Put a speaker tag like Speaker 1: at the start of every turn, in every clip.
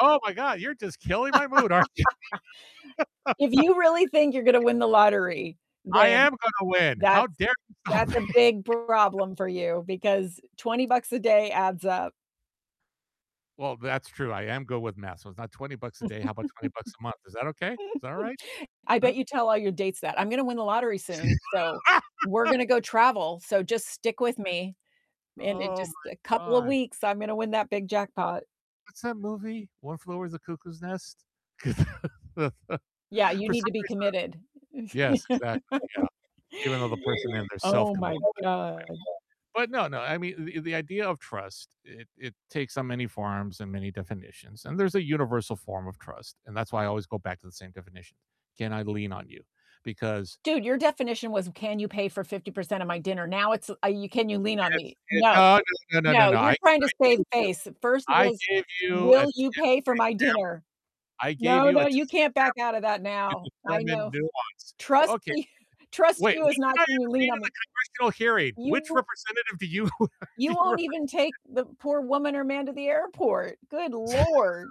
Speaker 1: Oh my God, you're just killing my mood, aren't you?
Speaker 2: If you really think you're gonna win the lottery,
Speaker 1: I
Speaker 2: then
Speaker 1: am gonna win. How
Speaker 2: that's
Speaker 1: dare you stop
Speaker 2: that's
Speaker 1: me?
Speaker 2: a big problem for you, because 20 bucks a day adds up.
Speaker 1: Well, that's true. I am good with math, so it's not 20 bucks a day, how about 20 bucks a month? Is that okay? Is that all right?
Speaker 2: I
Speaker 1: Huh?
Speaker 2: bet you tell all your dates that. "I'm gonna win the lottery soon, so we're gonna go travel, so just stick with me, and in
Speaker 1: Oh
Speaker 2: just a
Speaker 1: my
Speaker 2: couple of
Speaker 1: gosh.
Speaker 2: weeks, I'm gonna win that big jackpot."
Speaker 1: What's that movie? One Flew Over the Cuckoo's Nest? For some
Speaker 2: Yeah, you need to be
Speaker 1: reason I
Speaker 2: committed.
Speaker 1: yes, exactly, yeah. Even though the person in there
Speaker 2: Oh
Speaker 1: self-committed
Speaker 2: my
Speaker 1: anyway,
Speaker 2: God.
Speaker 1: but no, no, I mean, the the idea of trust, it it takes on many forms and many definitions, and there's a universal form of trust, and that's why I always go back to the same definition. Can I lean on you? Because
Speaker 2: Dude, your definition was, "Can you pay for 50% of my dinner?" Now it's, uh, "Can you lean on
Speaker 1: That's
Speaker 2: me?"
Speaker 1: it.
Speaker 2: No.
Speaker 1: No, no, no, no,
Speaker 2: No,
Speaker 1: no. I
Speaker 2: you're trying to
Speaker 1: I
Speaker 2: save
Speaker 1: gave you
Speaker 2: face. First it
Speaker 1: I
Speaker 2: was,
Speaker 1: gave you a
Speaker 2: "Will
Speaker 1: test example.
Speaker 2: you pay for my dinner?"
Speaker 1: I gave
Speaker 2: No,
Speaker 1: you
Speaker 2: no,
Speaker 1: a
Speaker 2: you
Speaker 1: test
Speaker 2: can't back out of that
Speaker 1: example to
Speaker 2: now. I know
Speaker 1: determine
Speaker 2: f
Speaker 1: nuance.
Speaker 2: Trust
Speaker 1: Okay. [unintelligible]
Speaker 2: you trust
Speaker 1: Wait,
Speaker 2: you is
Speaker 1: what
Speaker 2: not
Speaker 1: did I
Speaker 2: "can you
Speaker 1: even read
Speaker 2: lean
Speaker 1: in
Speaker 2: on
Speaker 1: the
Speaker 2: me?"
Speaker 1: congressional hearing? Which
Speaker 2: You
Speaker 1: representative do you do
Speaker 2: you
Speaker 1: you
Speaker 2: won't
Speaker 1: represent?
Speaker 2: even take the poor woman or man to the airport. Good Lord.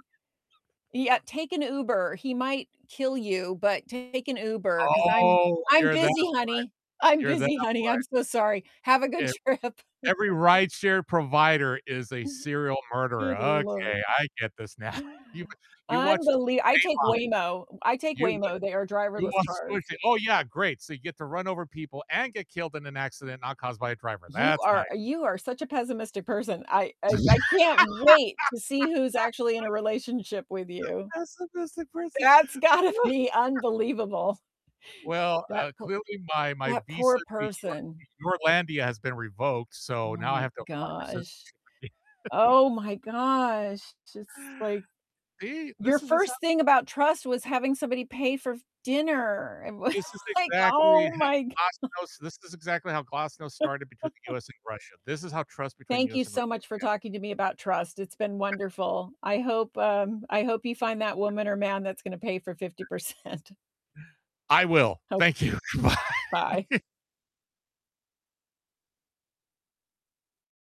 Speaker 2: Yeah, "Take an Uber, he might kill you, but take an Uber, 'cause I'm
Speaker 1: Oh,
Speaker 2: I'm
Speaker 1: you're that way.
Speaker 2: busy, honey. I'm
Speaker 1: You're that
Speaker 2: busy, honey.
Speaker 1: way.
Speaker 2: I'm so sorry. Have a good
Speaker 1: If
Speaker 2: trip."
Speaker 1: every rideshare provider is a serial murder,
Speaker 2: Good Lord.
Speaker 1: okay, I get this now. You w you watched
Speaker 2: Unbeli I take
Speaker 1: Dateline.
Speaker 2: Waymo. I take
Speaker 1: You w
Speaker 2: Waymo. They are
Speaker 1: you
Speaker 2: driverless
Speaker 1: watched
Speaker 2: cars.
Speaker 1: [unintelligible] Oh yeah, great, so you get to run over people and get killed in an accident not caused by a driver.
Speaker 2: You
Speaker 1: That's nice.
Speaker 2: are you are such a pessimistic person. I I I can't wait to see who's actually in a relationship with you.
Speaker 1: Pessimistic person.
Speaker 2: That's gotta
Speaker 1: Wha
Speaker 2: be unbelievable.
Speaker 1: Well,
Speaker 2: That
Speaker 1: uh,
Speaker 2: poo
Speaker 1: clearly my my
Speaker 2: that
Speaker 1: visa
Speaker 2: poor
Speaker 1: to Your
Speaker 2: person.
Speaker 1: to Yourlandia has been revoked, so
Speaker 2: Oh
Speaker 1: now I
Speaker 2: my
Speaker 1: have to apply for citizenship
Speaker 2: gosh.
Speaker 1: again.
Speaker 2: Oh my gosh. It's just, like,
Speaker 1: See?
Speaker 2: your
Speaker 1: This is
Speaker 2: first
Speaker 1: [unintelligible]
Speaker 2: thing about trust was having somebody pay for f dinner. It was,
Speaker 1: This is
Speaker 2: like,
Speaker 1: exactly
Speaker 2: oh my g
Speaker 1: how Glasnost this is exactly how Glasnost started between the US and Russia. This is how trust between
Speaker 2: Thank you
Speaker 1: US and
Speaker 2: so
Speaker 1: Russia
Speaker 2: much for
Speaker 1: began.
Speaker 2: talking to me about trust. It's been wonderful. I hope, um, I hope you find that woman or man that's gonna pay for 50%.
Speaker 1: I will.
Speaker 2: Hope
Speaker 1: Thank you. Goodbye.
Speaker 2: bye.